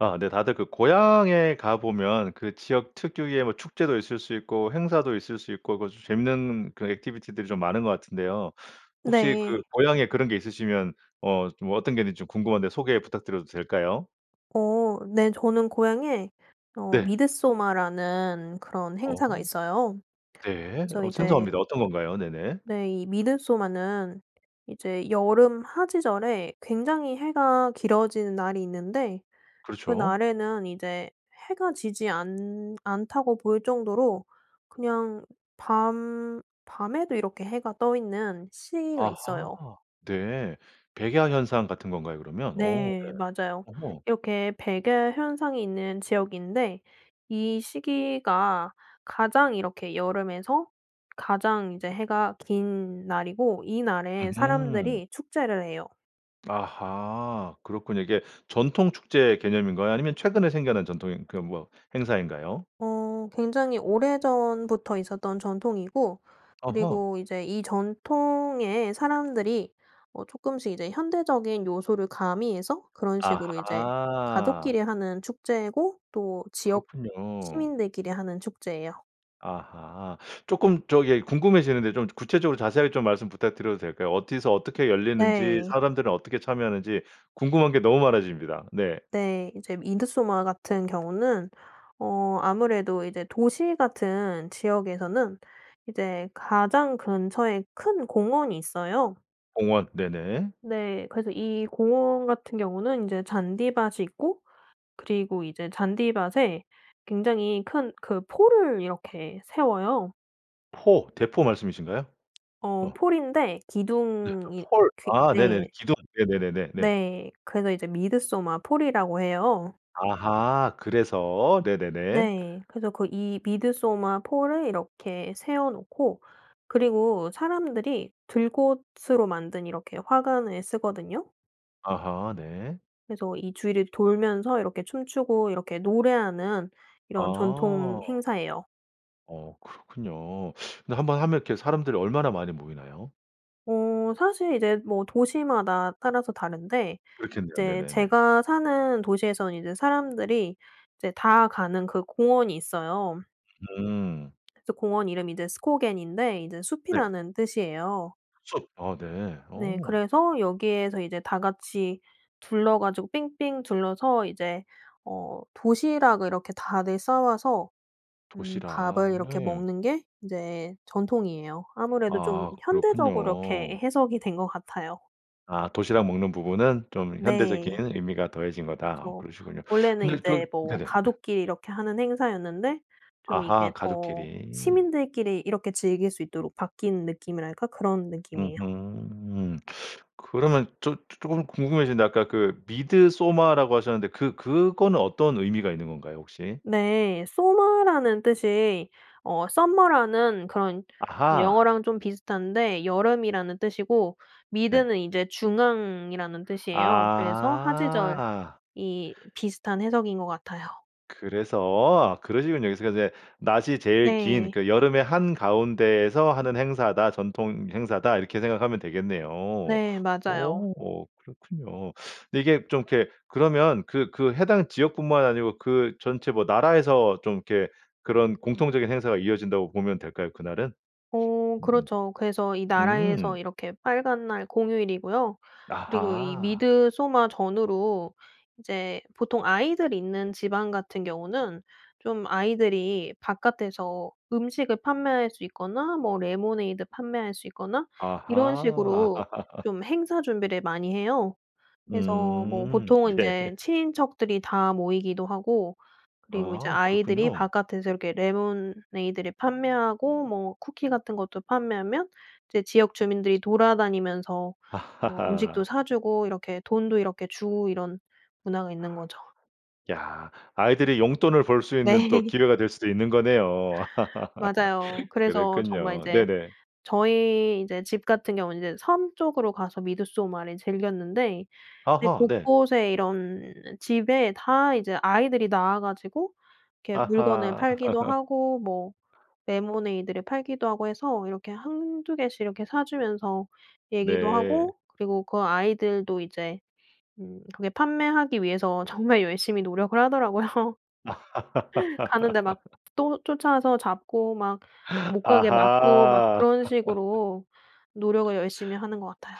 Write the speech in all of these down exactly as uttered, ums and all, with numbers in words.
아 네 다들 그 고향에 가보면 그 지역 특유의 뭐 축제도 있을 수 있고 행사도 있을 수 있고 그 저 재밌는 그 액티비티들이 좀 많은 것 같은데요. 혹시 그 네. 고향에 그런 게 있으시면 어 좀 어떤 게 있는지 좀 궁금한데 소개 부탁드려도 될까요? 어 네. 저는 고향에 어 네. 미드소마라는 그런 행사가 어. 있어요. 네. 그래서 어 이제 생소합니다. 어떤 건가요? 네네. 네. 이 미드소마는 이제 여름 하지절에 굉장히 해가 길어지는 날이 있는데 그렇죠. 그날에는 이제 해가 지지 않 않다고 보일 정도로 그냥 밤 밤에도 이렇게 해가 떠 있는 시기가 아하. 있어요. 네. 백야 현상 같은 건가요 그러면? 어 네 네. 맞아요. 어머. 이렇게 백야 현상이 있는 지역인데 이 시기가 가장 이렇게 여름에서 가장 이제 해가 긴 날이고 이날에 으흠. 사람들이 축제를 해요. 아하 그렇군요. 이게 전통 축제 개념인가요? 아니면 최근에 생겨난 전통인 그 뭐 행사인가요? 어 굉장히 오래전부터 있었던 전통이고 어허. 그리고 이제 이 전통에 사람들이 어 쪼끔씩 이제 현대적인 요소를 가미해서 그런 식으로 이제 아하. 가족끼리 하는 축제고 또 지역 그렇군요. 시민들끼리 하는 축제에요. 아하. 조금 저기 궁금해지는데 좀 구체적으로 자세하게 좀 말씀 부탁드려도 될까요? 어디서 어떻게 열리는지, 네. 사람들은 어떻게 참여하는지 궁금한 게 너무 많아집니다. 네. 네. 이제 미드소마 같은 경우는 어 아무래도 이제 도시 같은 지역에서는 이제 가장 근처에 큰 공원이 있어요. 공원. 네네. 네. 그래서 이 공원 같은 경우는 인제 잔디밭이 있고 그리고 이제 잔디밭에 굉장히 큰 그 폴을 이렇게 세워요. 포, 대포 말씀이신가요? 어 어. 폴인데 네 기둥이 폴. 그 아 네네. 네. 기둥. 네네네네. 네. 네. 그래서 이제 미드소마 폴이라고 해요. 아하 그래서 네네네. 네. 그래서 그 이 미드소마 폴을 이렇게 세워 놓고 그리고 사람들이 들꽃으로 만든 이렇게 화관을 쓰거든요. 아하 네. 그래서 이 주위를 돌면서 이렇게 춤추고 이렇게 노래하는 이런 전통 아. 행사에요. 어 그렇군요. 근데 한번 하면 이렇게 사람들이 얼마나 많이 모이나요? 어 사실 이제 뭐 도시마다 따라서 다른데 그렇겠네요. 이제 네네네. 제가 사는 도시에서는 이제 사람들이 이제 다 가는 그 공원이 있어요. 음. 그래서 공원 이름이 이제 스코겐인데 이제 네. 숲이라는 뜻이에요. 숲. 아 네. 네. 어. 그래서 여기에서 이제 다 같이 둘러 가지고 삥삥 둘러서 이제 어 도시락을 이렇게 다들 싸와서 음 도시락. 밥을 이렇게 네. 먹는 게 이제 전통이에요. 아무래도 좀 아. 현대적으로 그렇군요. 이렇게 해석이 된 것 같아요. 아 도시락 먹는 부분은 좀 현대적인 네. 의미가 더해진 거다. 아 그쵸. 그러시군요. 원래는 근데 저기 이제 뭐 네네 네. 가족끼리 이렇게 하는 행사였는데 좀 이게 아하. 더 가족끼리. 시민들끼리 이렇게 즐길 수 있도록 바뀐 느낌이랄까? 그런 느낌이에요. 으흠. 그러면 저 조 조금 궁금해지는데 아까 그 미드소마라고 하셨는데 그 그거는 어떤 의미가 있는 건가요 혹시? 네. sommar라는 뜻이 어 서머라는 그런 아하. 영어랑 좀 비슷한데 여름이라는 뜻이고 네. mid는 이제 중앙이라는 뜻이에요. 그래서 하지절이 아. 비슷한 해석인 것 같아요. 그래서. 아 그러시군요. 그래서 그 인제 근데 낮이 제일 긴 네. 그 여름의 한가운데에서 하는 행사다, 전통 행사다. 이렇게 생각하면 되겠네요. 네. 맞아요. 어 그렇군요. 근데 이게 좀 이렇게 그러면 그 그 해당 지역뿐만 아니고 그 전체 뭐 나라에서 좀 이렇게 그런 공통적인 행사가 이어진다고 보면 될까요 그날은? 어 음음. 그렇죠. 그래서 이 나라에서 음. 이렇게 빨간날 공휴일이고요. 그리고 이 아하. 미드소마 전후로 이제 보통 아이들이 있는 집안 같은 경우는 좀 아이들이 바깥에서 음식을 판매할 수 있거나 뭐 레모네이드 판매할 수 있거나 이런 아하. 식으로 좀 행사 준비를 많이 해요. 그래서 뭐 음. 보통은 네. 인제 친인척들이 다 모이기도 하고 그리고 이제 아. 아이들이 그렇군요. 바깥에서 이렇게 레모네이드를 판매하고 뭐 쿠키 같은 것도 판매하면 이제 지역 주민들이 돌아다니면서 뭐 음식도 아. 사주고 이렇게 돈도 이렇게 주고 이런 문화가 있는 거죠. 야. 아이들이 용돈을 벌 수 있는 또 네. 기회가 될 수도 있는 거네요. 맞아요. 그래서 정말 그랬군요. 이제 네네. 저희 이제 집 같은 경우는 이제 섬 쪽으로 가서 미드소마를 즐겼는데 이제 아하. 네. 곳곳에 이런 집에 다 이제 아이들이 나와 가지고 이렇게 물건을 아하. 팔기도 하고 뭐 레모네이드를 팔기도 하고 해서 이렇게 한두 개씩 이렇게 사주면서 얘기도 네. 하고 그리고 그 아이들도 이제 음 그게 판매하기 위해서 정말 열심히 노력을 하더라고요. 가는데 막 또 쫓아와서 잡고 막 아하. 못 가게 막고 막 그런 식으로 노력을 열심히 하는 것 같아요.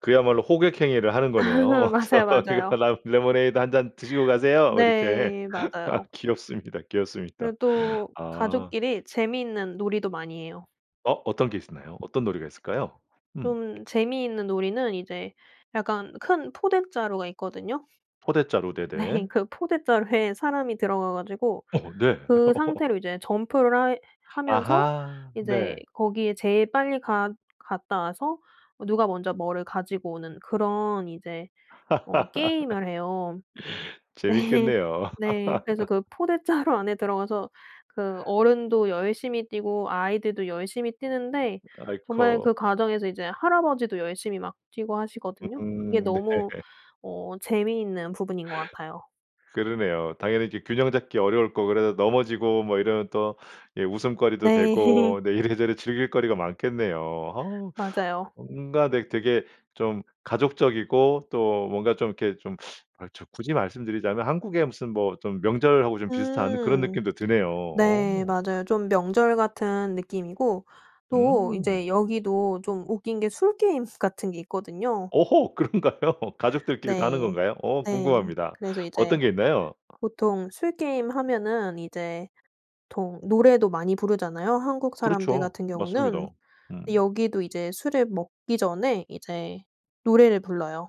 그야말로 호객 행위를 하는 거네요. 맞아요, "어서 이거 맞아요. 라 레모네이드 한 잔 드시고 가세요." 이렇게. 네. 맞아요. 귀엽습니다, 귀엽습니다. 그리고 또 아. 가족끼리 재미있는 놀이도 많이 해요. 어, 어떤 게 있었나요? 어떤 놀이가 있을까요? 음. 좀 재미있는 놀이는 이제 약간 큰 포대 자루가 있거든요. 포대 자루. 네. 네네. 그 포대 자루에 사람이 들어가 가지고 어. 네. 그 상태로 이제 점프를 해 하면서 아하. 이제 네. 거기에 제일 빨리 갔 갔다 와서 누가 먼저 뭐를 가지고 오는 그런 이제 어 게임을 해요. 재미있겠네요. 네. 그래서 그 포대 자루 안에 들어가서 그 어른도 열심히 뛰고 아이들도 열심히 뛰는데 정말 아이코. 그 과정에서 이제 할아버지도 열심히 막 뛰고 하시거든요. 그게 음 네. 너무 어 재미있는 부분인 것 같아요. 그러네요. 당연히 이렇게 균형 잡기 어려울 거고 그래서 넘어지고 뭐 이러면 또 예 웃음거리도 네. 되고 네 이래저래 즐길 거리가 많겠네요. 아. 맞아요. 뭔가 네 되게 좀 가족적이고 또 뭔가 좀 이렇게 좀 아 좀 굳이 말씀드리자면 한국의 무슨 뭐 좀 명절하고 좀 비슷한 그런 음. 느낌도 드네요. 네. 어. 맞아요. 좀 명절 같은 느낌이고 또 음. 인제 여기도 좀 웃긴 게 술 게임 같은 게 있거든요. 오호 그런가요? 가족들끼리도 하는 네. 건가요? 어 네. 궁금합니다. 그래서 이제 어떤 게 있나요? 보통 술 게임 하면은 이제 보통 노래도 많이 부르잖아요, 한국 사람들 그렇죠. 같은 경우는. 맞습니다. 근데 음. 여기도 이제 술을 먹기 전에 이제 노래를 불러요.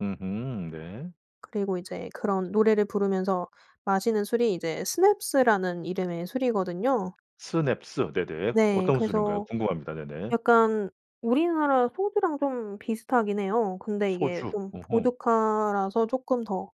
으흠. 네. 그리고 이제 그런 노래를 부르면서 마시는 술이 이제 스냅스라는 이름의 술이거든요. 스냅스. 네네. 네. 어떤 술인가요? 그래서 궁금합니다. 네네. 약간 우리나라 소주랑 좀 비슷하긴 해요. 근데 이게 소주. 좀 어허. 보드카라서 쪼끔 더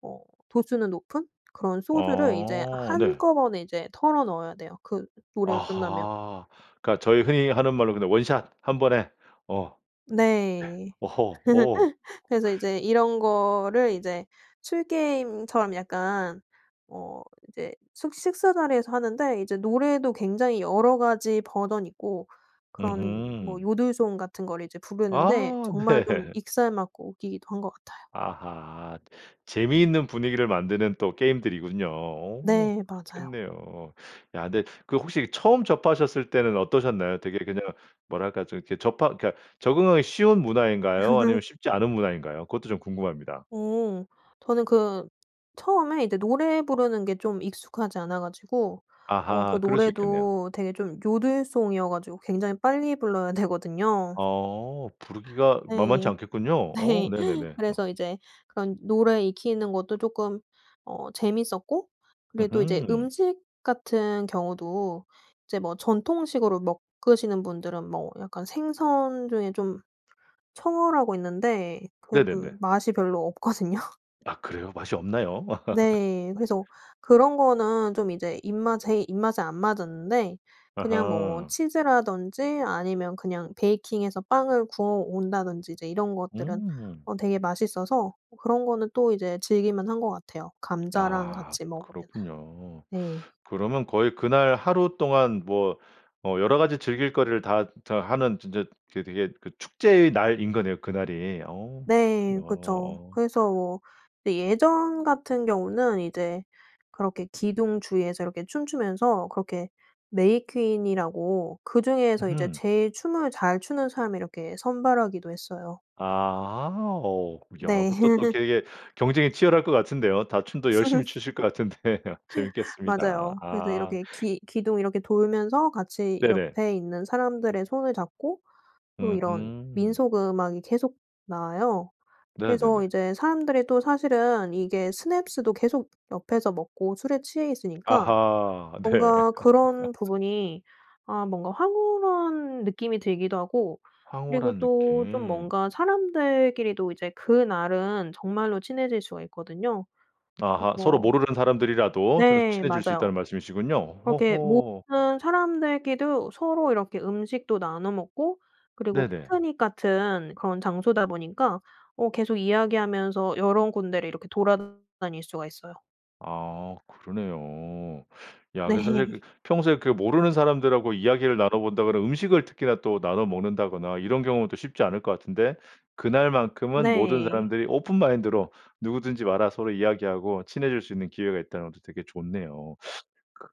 어 도수는 높은 그런 소주를 이제 어 네. 한꺼번에 이제 털어 넣어야 돼요, 그 노 노래가 끝나면. 아하. 그러니까 저희 흔히 하는 말로 그냥 원 샷. 한 번에. 어. 예. 네. 어허. 어. 그래서 이제 이런 거를 이제 술 게임처럼 약간 어 이제 숙 식사 자리에서 하는데 이제 노래도 굉장히 여러 가지 버전이 있고 그런 뭐 으흠. 요들송 같은 거를 이제 부르는데 아 정말 좀 네. 익살맞고 웃기기도 한 것 같아요. 아하. 재미있는 분위기를 만드는 또 게임들이군요. 오 네. 맞아요. 그렇겠네요. 야 근데 그 혹시 처음 접하셨을 때는 어떠셨나요? 되게 그냥 뭐랄까 좀 이렇게 접하 그러니까 적응하기 쉬운 문화인가요, 아니면 쉽지 않은 문화인가요? 그것도 좀 궁금합니다. 오. 저는 그 처음에 이제 노래 부르는 게 좀 익숙하지 않아 가지고 어 그 아하. 그럴 수 있겠네요. 노래도 되게 좀 요들송이어 가지고 굉장히 빨리 불러야 되거든요. 어. 부르기가 만만치 네. 않겠군요. 어 네. 네네네. 어. 그래서 이제 그런 노래 익히는 것도 쪼끔 어 재미있었고 그리고 또 이제 으흠. 음식 같은 경우도 이제 뭐 전통식으로 먹으시는 분들은 뭐 약간 생선 중에 좀 청어라고 있는데 그게 좀 네네네. 맛이 별로 없거든요. 아 그래요? 맛이 없나요? 네. 그래서 그런 거는 좀 이제 입맛 제 입맛에 안 맞았는데 그냥 뭐 아하. 치즈라든지 아니면 그냥 베이킹 해서 빵을 구워 온다든지 이제 이런 것들은 음. 어 되게 맛있어서 그런 거는 또 이제 즐길 만한 것 같아요. 감자랑 아 같이 먹으면은. 그렇군요. 네. 그러면 거의 그날 하루 동안 뭐 어 여러 가지 즐길 거리를 다 자 하는 진짜 그 되게 그 축제의 날인 거네요, 그날이. 어 네. 그렇군요. 그쵸. 어. 그래서 뭐 이 예전 같은 경우는 이제 그렇게 기둥 주위에서 이렇게 춤추면서 그렇게 메이퀸이라고 그중에서 이제 으흠. 제일 춤을 잘 추는 사람을 이렇게 선발하기도 했어요. 아. 어. 야 네. 그것도 또 되게 경쟁이 치열할 것 같은데요. 다 춤도 열심히 추실 것 같은데 재미있겠습니다. 맞아요. 그래서 아. 이렇게 기 기둥 이렇게 돌면서 같이 네네. 옆에 있는 사람들의 손을 잡고 또 이런 으흠. 민속 음악이 계속 나와요. 그래서 네네네. 이제 사람들이 또 사실은 이게 스냅스도 계속 옆에서 먹고 술에 취해 있으니까 아하. 네. 뭔가 그런 부분이 아 뭔가 황홀한 느낌이 들기도 하고 그리고 황홀한 또 좀 느낌. 뭔가 사람들끼리도 이제 그날은 정말로 친해질 수가 있거든요. 아하. 서로 그래서 모르는 사람들이라도 서로 네. 친해질 수 맞아요. 있다는 말씀이시군요. 그렇게 호호. 모든 사람들끼도 서로 이렇게 음식도 나눠 먹고 그리고 네네. 피크닉 같은 그런 장소다 보니까 어 계속 이야기하면서 여러 군데를 이렇게 돌아다닐 수가 있어요. 아 그러네요. 야 그 사실 그 네. 평소에 그 모르는 사람들하고 이야기를 나눠 본다거나 음식을 특히나 또 나눠 먹는다거나 이런 경우는 또 쉽지 않을 것 같은데 그날만큼은 모든 네. 사람들이 오픈 마인드로 '누구든지 와라.' 서로 이야기하고 친해질 수 있는 기회가 있다는 것도 되게 좋네요.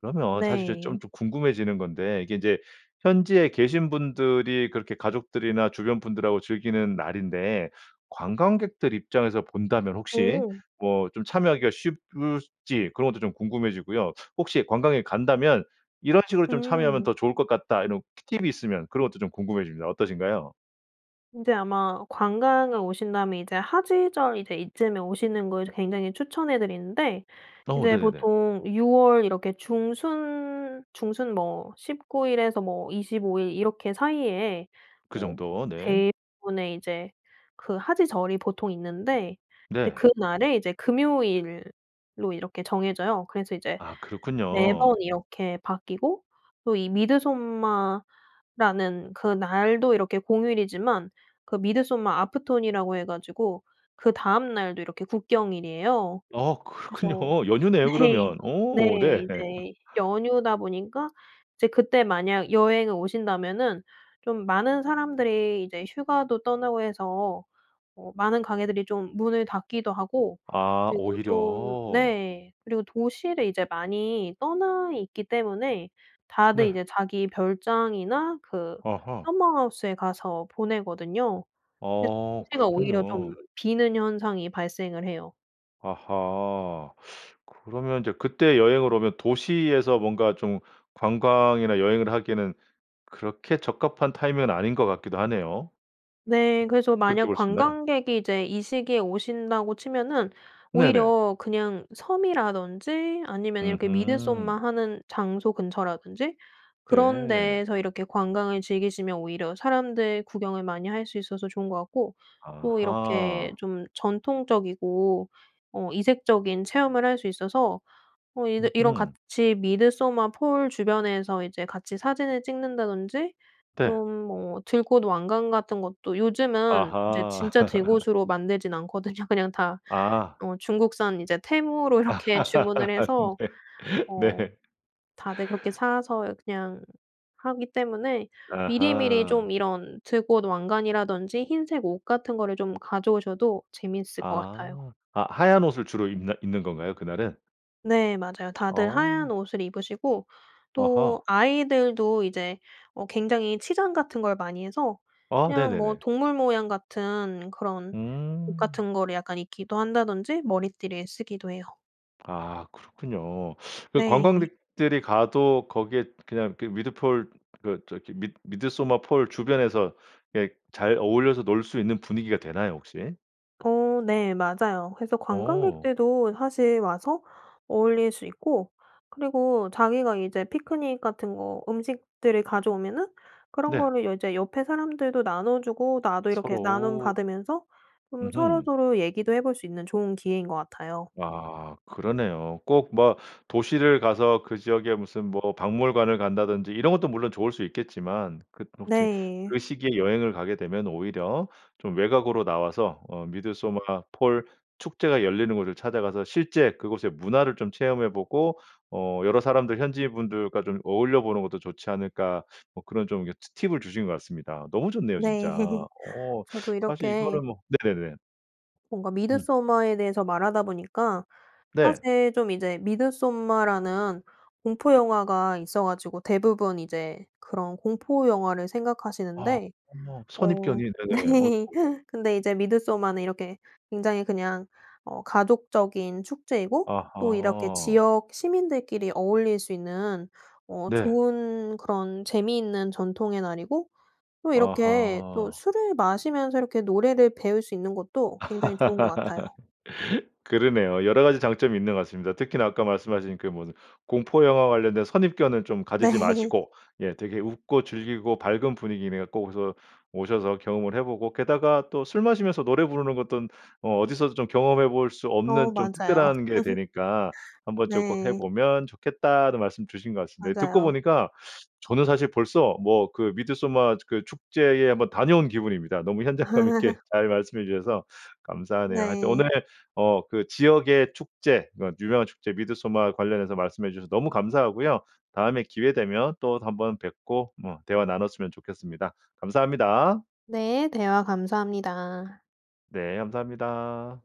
그러면 사실 저 좀 네. 좀 궁금해지는 건데 이게 이제 현지에 계신 분들이 그렇게 가족들이나 주변 분들하고 즐기는 날인데 관광객들 입장에서 본다면 혹시 어. 뭐 좀 참여하기가 쉽 을지 그런 것도 좀 궁금해지고요. 혹시 관광객이 간다면 이런 식으로 좀 참여하면 음. 더 좋을 것 같다 이런 티 팁이 있으면 그런 것도 좀 궁금해집니다. 어떠신가요? 인제 아마 관광을 오신다면 이제 하지절 이제 이쯤에 오시는 걸 굉장히 추천해 드리는데 어 이제 네네네. 보통 유 월 이렇게 중순, 중순 뭐 십구 일에서 뭐 이십오 일 이렇게 사이에 어 그정도 어 네. 대부분의 이제 그 하지절이 보통 있는데 네. [unintelligible] 그날에 이제 금요일로 이렇게 정해져요. 그래서 이제 아 매번 그렇군요. 이렇게 바뀌고 또 이 미드소마라는 그날도 이렇게 공휴일이지만 그 midsommar afton이라고 해 가지고 그다음 날도 이렇게 국경일이에요. 아 그렇군요. 그래서 연휴네요 네. 그러면. 네. 어 네. 이제 연휴다 보니까 이제 그때 만약 여행을 오신다면은 좀 많은 사람들이 이제 휴가도 떠나고 해서 어 많은 가게들이 좀 문을 닫기도 하고 아 그리고 좀 오히려. 네. 그리고 도시를 이제 많이 떠나 있기 때문에 다들 네. 이제 자기 별장이나 그 아하. 서머하우스에 가서 보내거든요. 그래서 어 도시가 오히려 좀 그렇군요. 비는 현상이 발생을 해요. 아하, 그러면 이제 그때 여행을 오면 도시에서 뭔가 좀 관광이나 여행을 하기에는 그렇게 적합한 타이밍은 아닌 것 같기도 하네요. 네, 그래서 그렇게 만약 볼 수 있나요? 관광객이 이제 이 시기에 오신다고 치면은 네네. 오히려 그냥 섬이라든지 아니면 이렇게 미드소마 으흠. 하는 장소 근처라든지 그런 네. 데서 이렇게 관광을 즐기시면 오히려 사람들 구경을 많이 할 수 있어서 좋은 것 같고 또 이렇게 아하. 좀 전통적이고 어 이색적인 체험을 할 수 있어서 어 이 이런 으흠. 같이 미드소마 폴 주변에서 이제 같이 사진을 찍는다든지 네. 좀 뭐 들꽃 왕관 같은 것도 요즘은 이제 아하. 진짜 들꽃으로 만들진 않거든요. 그냥 다 아. 어 중국산 이제 테무로 이렇게 주문을 해서 네. 어 네. 다들 그렇게 사서 그냥 하기 때문에 미리미리 아하. 좀 이런 들꽃 왕관이라든지 흰색 옷 같은 거를 좀 가져오셔도 재밌을 것 같아요. 아. 아, 하얀 옷을 주로 입나 입는 건가요? 그날은? 네. 맞아요. 다들 하얀 어. 옷을 입으시고 아하. 또 아이들도 이제 어 굉장히 치장 같은 걸 많이 해서 아 그냥 뭐 네네네. 동물 모양 같은 그런 옷 음. 같은 거를 약간 입기도 한다든지 머리띠를 쓰기도 해요. 아 그렇군요. 그 네. 관광객들이 가도 거기에 그냥 그 미드 폴 그 저기 미 미드소마 폴 주변에서 예 잘 어울려서 놀 수 있는 분위기가 되나요 혹시? 어 네. 맞아요. 그래서 어. 관광객들도 사실 와서 어울릴 수 있고 그리고 자기가 이제 피크닉 같은 거 음식들을 가져오면은 그런 네. 거를 이제 옆의 사람들도 나눠주고 나도 이렇게 서로. 나눔받으면서 좀 으흠. 서로서로 얘기도 해볼 수 있는 좋은 기회인 것 같아요. 아. 그러네요. 꼭 뭐 도시를 가서 그 지역에 무슨 뭐 박물관을 간다든지 이런 것도 물론 좋을 수 있겠지만 그 뭐 저기 네. 그 시기에 여행을 가게 되면 오히려 좀 외곽으로 나와서 어 '미드소마 폴 축제가 열리는 곳을 찾아가서 실제 그곳의 문화를 좀 체험해 보고 어 여러 사람들 현지인 분들과 좀 어울려 보는 것도 좋지 않을까.' 뭐 그런 좀 이거 티 팁을 주신 것 같습니다. 너무 좋네요 진짜. 네. 어 저도 사실 이렇게 이거는 뭐 네네네. 뭔가 음. 미드소마에 대해서 말하다 보니까 네. 사실 좀 이제 미드소마라는 공포 영화가 있어 가지고 대부분 이제 그런 공포 영화를 아 생각하시는데. 어 선입견이 네네. 네. 아이고. 근데 이제 미드소마는 이렇게 굉장히 그냥 어 가족적인 축제이고 또 이렇게 아하. 지역 시민들끼리 어울릴 수 있는 어 네. 좋은 그런 재미있는 전통의 날이고 또 이렇게 또 아하. 술을 마시면서 이렇게 노래를 배울 수 있는 것도 굉장히 좋은 것 같아요. 그러네요. 여러 가지 장점이 있는 것 같습니다. 특히나 아까 말씀하신 그 뭐 공포 영화 관련된 선입견은 좀 가지지 네. 마시고 예 되게 웃고 즐기고 밝은 분위기네요. 꼭 오서 오셔서 경험을 해보고, 게다가 또 술 마시면서 노래 부르는 것돈 어 어디서도 좀 경험해 볼 수 어 없는 좀 맞아요. 특별한 게 되니까 "한번 좀 꼭 해 네. 보면 좋겠다."는 말씀 주신 것 같습니다. 듣고 맞아요. 보니까 저는 사실 벌써 뭐 그 미드소마 그 축제에 한번 다녀온 기분입니다. 너무 현장감 있게 잘 말씀해 주셔서 감사하네요. 하여튼 네. 오늘 어 그 지역의 축제 그 유명한 축제 미드소마 관련해서 말씀해 주셔서 너무 감사하고요. 다음에 기회 되면 또 한번 뵙고 음 대화 나눴으면 좋겠습니다. 감사합니다. 네, 대화 감사합니다. 네, 감사합니다.